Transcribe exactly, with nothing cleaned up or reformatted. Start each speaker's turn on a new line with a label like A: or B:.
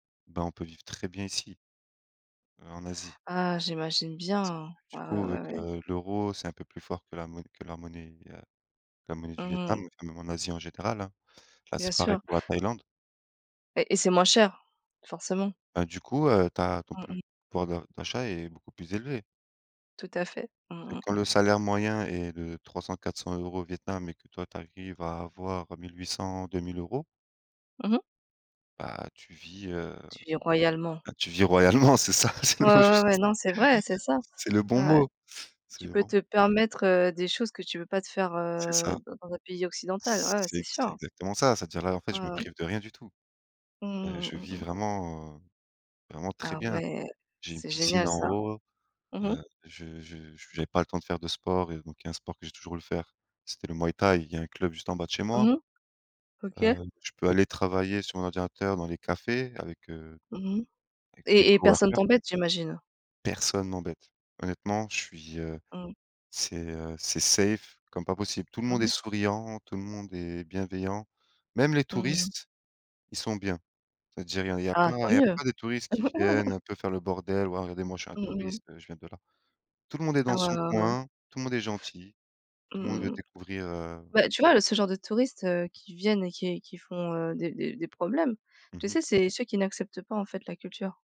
A: Bah, on peut vivre très bien ici heu, en Asie.
B: Ah. J'imagine bien. Ouais,
A: Du coup,
B: ouais, ouais,
A: avec,
B: ouais.
A: heu, l'euro, c'est un peu plus fort que la monn que la monnaie, heu, la monnaie du
B: Mmh mh.
A: Vietnam, même en Asie, en général, hein. Là,
B: Bien
A: c'est pareil
B: sûr.
A: pour la Thaïlande.
B: Et et c'est moins cher. Forcément.
A: Bah, du coup, heu, tu as, ton
B: Mmh
A: puv
B: mh.
A: pouvoir de d'achat est beaucoup plus élevé
B: Tout à fait. Mmh,
A: et
B: mmh
A: quand
B: mh.
A: le salaire moyen est de trois-cents-quatre cents euros au Vietnam et que toi, tu arrives à avoir mille huit cents-deux mille euros
B: Mmh mh.
A: bah, tu vis, heu,
B: Tu vis royalement.
A: bah, tu vis royalement, c'est ça. C'est le
B: Ouais,
A: mot
B: ouais, ouais.
A: juste.
B: Non c'est vrai, c'est ça.
A: C'est le bon
B: Ouais, ouais.
A: mot. C'est
B: Tu
A: le
B: peux
A: bon mot.
B: te permettre, heu, des choses que tu peux pas te faire,
A: C'est
B: heu,
A: ça.
B: dans dans un pays occidental. Ouais, ouais, c'est
A: C'est c'est
B: sûr.
A: exactement ça. C'est-à-dire, là, en fait,
B: Mmh
A: je me
B: mh.
A: prive de rien du tout. Heu,
B: Mmh,
A: je
B: mmh, mmh
A: vis
B: mh.
A: vraiment, heu, vraiment très
B: Ah
A: bien.
B: ouais.
A: J'ai une
B: C'est
A: piscine
B: génial
A: en
B: ça.
A: haut.
B: Mmh mh.
A: Heu. Je je j'avais pas le temps de faire de sport et donc il y a un sport que j'ai toujours voulu faire. C'était le Muay Thai. Il y a un club juste en bas de chez
B: Mmh
A: moi
B: mh. OK.
A: heu, je peux aller travailler sur mon ordinateur dans les cafés avec, heu,
B: Mmh mh.
A: avec tous les
B: Et et personne
A: coworkers
B: t'embête, j'imagine?
A: Personne m'embête. Honnêtement, je suis, heu,
B: Mmh.
A: c'est, heu, c'est safe, comme pas possible. Tout le
B: Mmh
A: monde est
B: mh.
A: souriant, tout le monde est bienveillant, même les
B: Mmh mh.
A: touristes, ils sont bien. C'est à dire, il y a il y a
B: Ah
A: plein
B: tant
A: Il y a
B: mieux!
A: pas des touristes qui viennent un peu faire le bordel, ou alors: «Regardez, moi, je suis un
B: Mmh mh.
A: touriste, je viens de là». Tout le monde est
B: Ah
A: dans
B: ouais,
A: son
B: ouais, ouais.
A: coin. Tout le monde est gentil. Tout le monde veut
B: Mmh mh.
A: découvrir, heu
B: Bah, tu vois, le ce genre de touristes, heu, qui viennent et qui qui font, heu, des des des problèmes. Tu
A: Mmh mh.
B: sais, c'est ceux qui n'acceptent pas, en fait, la culture.